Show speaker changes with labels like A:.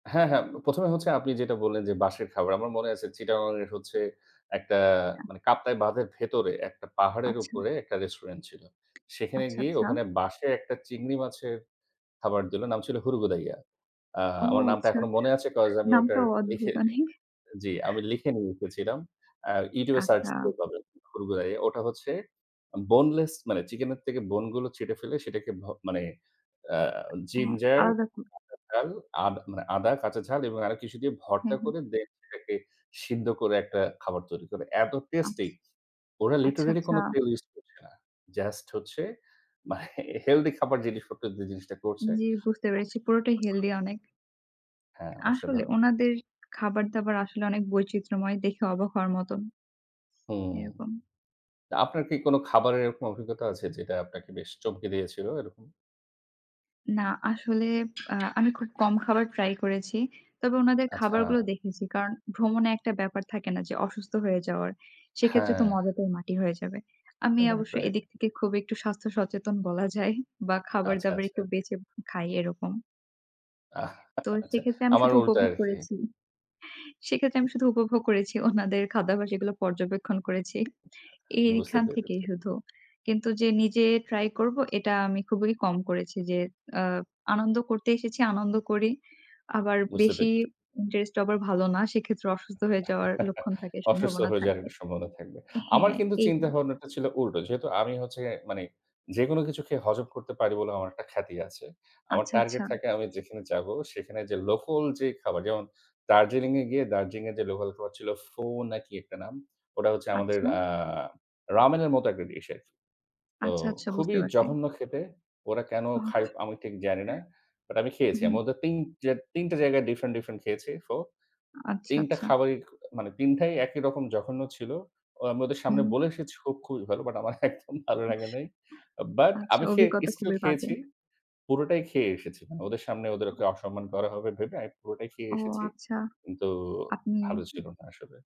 A: হ্যাঁ, হ্যাঁ। ১ম এ হচ্ছে আপনি যেটা বললেন যে বাঁশের খাবার। আমার মনে আছে চিটাগং এর হচ্ছে একটা
B: [unintelligible]
A: মানে কাপ্তাই বাঁধের ভেতরে একটা পাহাড়ের
B: আচ্ছা।
A: উপরে একটা Restaurant ছিলো। সেখানে
B: আচ্ছা,
A: গিয়ে
B: আচ্ছা।
A: ওখানে বাঁশে একটা চিংড়ি মাছের খাবার দিলো, নাম ছিল 'হুরুগুদাইয়া।' আ
B: ও
A: আমার নামটা
B: আচ্ছা।
A: এখনও মনে আছে, cause আমি ওটার
B: নামটাও
A: লিখে
B: অদ্ভুত অনেক।
A: জি, আমি লিখে নিয়ে [unintelligible] ছিলাম। আ YouTube এ সার্চ
B: আচ্ছা।
A: করে পাবেন হুরুগুদাইয়া। ওটা হচ্ছে Boneless মানে চিকেনের থেকে Bone গুলো ছিঁড়ে ফেলে সেটাকে ভো মানে, আ
B: উ
A: Ginger
B: আলাদা কো
A: কাঁচা ঝাল, আদ মানে আদা, কাঁচা ঝাল এবং আরও কিছু দিয়ে ভর্তা
B: হুম, হুম।
A: করে then সেটাকে সিদ্ধ করে একটা খাবার তৈরি করে। এত
B: আচ্ছা।
A: টেস্টি! ওরা
B: আচ্ছা,
A: literally
B: আচ্ছা।
A: কোনো তেল ইউজ করছে না জাস্ট হচ্ছে মানে হেলদি খাবার জিনিসপত্র দিয়ে জিনিসটা করছে।
B: জি বুঝতে পেরেছি, পুরোটাই
A: [unintelligible]
B: হেলদি অনেক।
A: হ্যাঁ,
B: আসলে।
A: অসাধারণ।
B: ওনাদের খাবার-দাবার আসলে অনেক বৈচিত্র্যময়, দেখে অবাক হওয়ার মতোন।
A: হুম।
B: এরকম।
A: তো আপনার কী কোনো খাবারের এরকম অভিজ্ঞতা আছে যেটা আপনাকে বেশ চমকে দিয়েছিল, এরকম?
B: না আসলে, আ আমি খুব কম খাবার ট্রাই করেছি। তবে ওনাদের
A: আচ্ছা।
B: খাবারগুলো দেখেছি। কারণ ভ্রমণে একটা ব্যাপার থাকে না? যে অসুস্থ হয়ে যাওয়ার, সেক্ষেত্রে তো
A: হ্যাঁ।
B: মজাটাই মাটি হয়ে যাবে। আমি
A: রাইট,
B: অবশ্য
A: রাইট।
B: এদিক থেকে খুব একটু স্বাস্থ্য সচেতন বলা যায় বা
A: আচ্ছা,
B: খাবার-দাবার
A: আচ্ছা।
B: একটু বেছে খাই, এরকম। তো
A: আচ্ছা,
B: সেক্ষেত্রে আমি
A: আমার
B: শুধু
A: উল্টা
B: উপভোগ
A: আরকি।
B: করেছি। সেক্ষেত্রে আমি শুধু উপভোগ করেছি, ওনাদের খাদ্যাভ্যাস এগুলো পর্যবেক্ষণ করেছি, এ
A: বুঝতে
B: এইখান থেকেই
A: পেরেছি।
B: শুধু। কিন্তু যে নিজে ট্রাই করব এটা আমি খুবই কম করেছি। যে আ আনন্দ করতে এসেছি, আনন্দ করি। আবার
A: বুঝতে পে
B: বেশি ইন্টারেস্ট আবার ভালো না। সেক্ষেত্রে অসুস্থ হয়ে যাওয়ার লক্ষণ থাকে,
A: অসুস্থ
B: সম্ভাবনা
A: হয়ে যাওয়ার
B: থাকে।
A: একটা সম্ভাবনা থাকবে। আমার
B: হ্যাঁ,
A: কিন্তু
B: এইগুলো।
A: চিন্তাভাবনাটা ছিলো উল্টো। যেহেতু আমি হচ্ছে মানে যেকোনো কিছু খেয়ে হজম করতে পারি বলে আমার একটা খ্যাতি আছে। আমার
B: আচ্ছা, আচ্ছা।
A: target থাকে আমি যেখানে যাব সেখানে যে লোকাল যে খাবার, যেমন দার্জিলিং এ গিয়ে দার্জিলিং এর যে লোকাল খাবার ছিল, 'ফো' না কী একটা নাম। ওটা হচ্ছে আমাদের
B: আচ্ছা।
A: আ Ramen এর মতো একটা Dish আরকি। তো
B: আচ্ছা, আচ্ছা।
A: খুবই
B: বুঝতে পারছি।
A: জঘন্য খেতে। ওরা কেনো খায়? আমি ঠিক জানি না। বাট আমি
B: উ
A: খেয়েছি,
B: হু।
A: আমি ওদের তিন যে ৩ টা জায়গায় ডিফ্রেন্ট, ডিফ্রেন্ট খেয়েছি, ফো।
B: আচ্ছা,
A: ৩ টা
B: আচ্ছা।
A: খাবারই খো মানে ৩ টাই একই রকম জঘন্য ছিল। ও আমি ওদের সামনে
B: উম
A: বলে এসেছি খুবি ভালো বাট আমার একদম ভালো লাগে নাই। বাট
B: আচ্ছা,
A: আমি খেয়ে
B: অভিজ্ঞতা
A: স্টিল
B: খুবই বাজে।
A: খেয়েছি। পুরোটাই খেয়ে এসেছি মানে ওদের সামনে
B: আ
A: ওদেরকে অসম্মান করা হবে ভেবে আমি পুরোটাই খেয়ে
B: ও
A: এসেছি।
B: আচ্ছা,
A: কিন্তু
B: আপনি
A: ভালো ছিল না আসলে।